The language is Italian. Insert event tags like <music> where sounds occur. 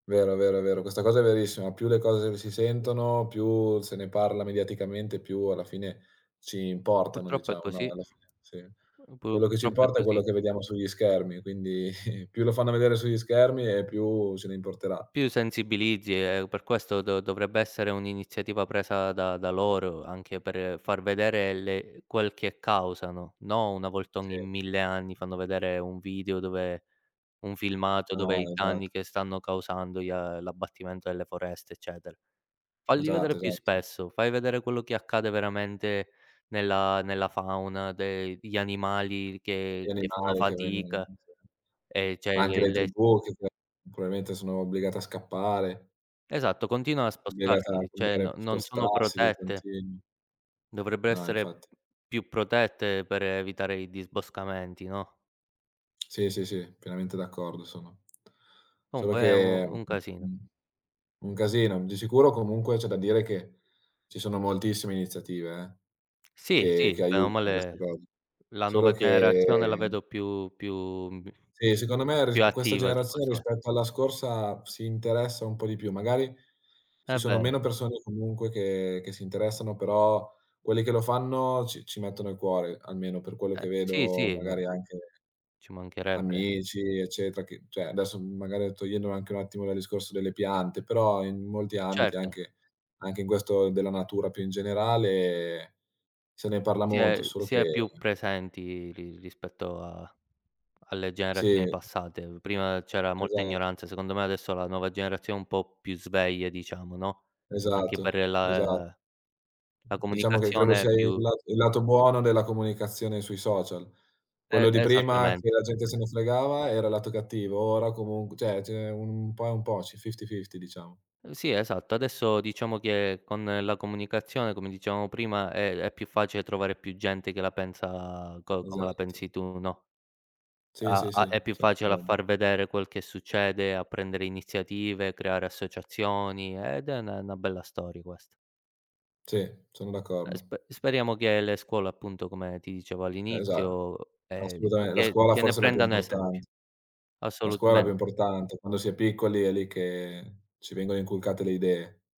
Vero, vero, è vero. Questa cosa è verissima. Più le r cose si sentono, più se ne parla mediaticamente, più alla fine ci importano, Purtroppo è diciamo, no, così. alla fine, sì. Pu Quello che ci purtroppo è importa è così. quello che vediamo sugli schermi, quindi <chuckles> più lo fanno vedere sugli schermi e più ce ne importerà. Più sensibilizzi e per questo do dovrebbe essere un'iniziativa presa da da loro anche per far vedere le quel che causano. No, una volta ogni Sì. 1000 anni fanno vedere un video dove un filmato dove No, i esatto. danni che stanno causando gli a l'abbattimento delle foreste, eccetera. Falli vedere Esatto, più esatto. spesso, fai vedere quello che accade veramente nella nella fauna, de gli animali Gli che che fanno animali che vengono fatica, <unintelligible> ehm, ma cioè anche le le le tribù che p probabilmente sono obbligate a scappare. Esatto, continuano a Obbligate a spostarsi, cioè no cambiare non sono spostarsi di protette. continuo. Dovrebbero No, infatti. essere più protette per evitare i disboscamenti, no? <tsk> Sì, sì, sì, pienamente d'accordo sono. Solo Comunque è un che un mh casino. mhmm, un casino. Di sicuro comunque c'è da dire che ci sono moltissime iniziative eh, Sì, che che sì, bene o aiutano queste male cose. la nuova Solo che generazione la vedo più più, mhmm, b Sì, secondo me più risp questa attiva su generazione, questo lato. rispetto alla scorsa, si interessa un po' di più. Magari È ci sono vero. meno persone comunque che che si interessano, però quelli che lo fanno ci ci mettono il cuore, almeno per quello Eh che sì, vedo sì, ma magari anche ci mancherebbe. amici eccetera, che cioè adesso m magari togliendo anche un attimo dal discorso delle piante, però in molti ambiti, Certo. anche anche in questo della natura più in generale, se ne parla Si molto, è solo si è che più presenti ri rispetto a alle Sì. generazioni passate. Mhmm, prima c'era molta Esatto. ignoranza, secondo me adesso la nuova generazione è un po' più sveglia diciamo, no, anche per Esatto, esatto. la la Diciamo che credo comunicazione sia il più lat il lato buono della comunicazione sui social. E Quello di prima, esattamente che la gente e se ne fregava, era il lato cattivo. Ora comunque cioè, ce n'è un po' è un po', c'è fifty/fifty diciamo. Sì, esatto. Adesso diciamo che con la comunicazione, come dicevamo prima, è è più facile trovare più gente che la pensa co come la Esatto. pensi tu, no, Sì, a sì, a sì. è più Son facile a d'accordo. far vedere quel che succede, a prendere iniziative, creare associazioni ed è ne 'na bella storia questa. Sì, sono Eh, d'accordo. spe speriamo che le scuole appunto, come ti dicevo Eh, esat all'inizio, ehm, d assolutame la che scuola che ne forse è la più prendano esempio. importante. La scuola è la più Assolutamente. importante. Quando si è piccoli è lì che ci vengono inculcate le idee.